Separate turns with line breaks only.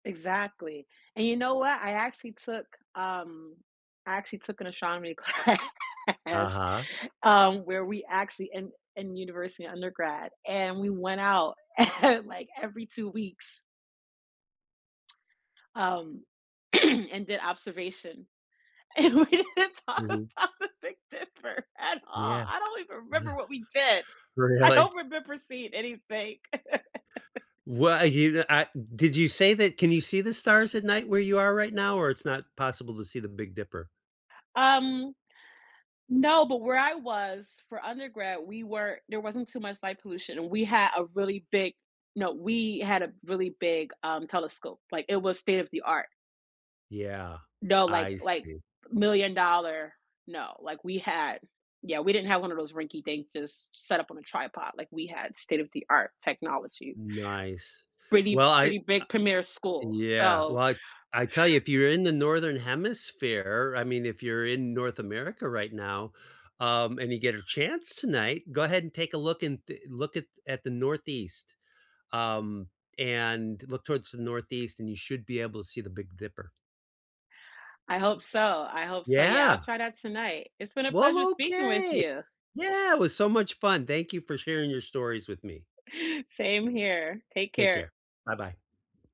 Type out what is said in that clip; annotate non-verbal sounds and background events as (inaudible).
Exactly. And you know what? I actually took, um, I actually took an astronomy class,
Uh-huh.
um, where we actually in in university undergrad and we went out (chuckles) like every 2 weeks um, (clears throat) and did observation. And we didn't talk
Mhm.
about the big dipper at all.
Yeah.
I don't even remember what we did. I
Really?
don't remember seeing anything. (laughs)
Well, you the I did you say that can you see the stars at night where you are right now, or it's not possible to see the Big Dipper?
Um, no, but where I was, for undergrad, we were there wasn't too much light pollution and we had a really big no, we had a really big, um, telescope. Like it was state-of-the-art.
Yeah.
No, like
I
like,
see.
million-dollar. No, like we had Yeah, we didn't have one of those rinky dink, just set up on a tripod. Like we had state-of-the-art technology.
Nice.
Pretty
Well I, ah
pretty big premier school,
Yeah,
so
like, I tell you, if
(chuckles)
you're in the Northern Hemisphere, I mean, if you're in North America right now, um, and you get a chance tonight, go ahead and take a look in the look at at the Northeast. Um, and look towards the Northeast and you should be able to see the Big Dipper.
I hope so I hope so. Yeah, I'll
Yeah.
try that tonight. It's been a pleasure
Well,
speaking with
okay.
you.
Yeah, it was so much fun. Thank you for sharing your stories with me.
Same here. Take
Take
care.
care. Buh-bye.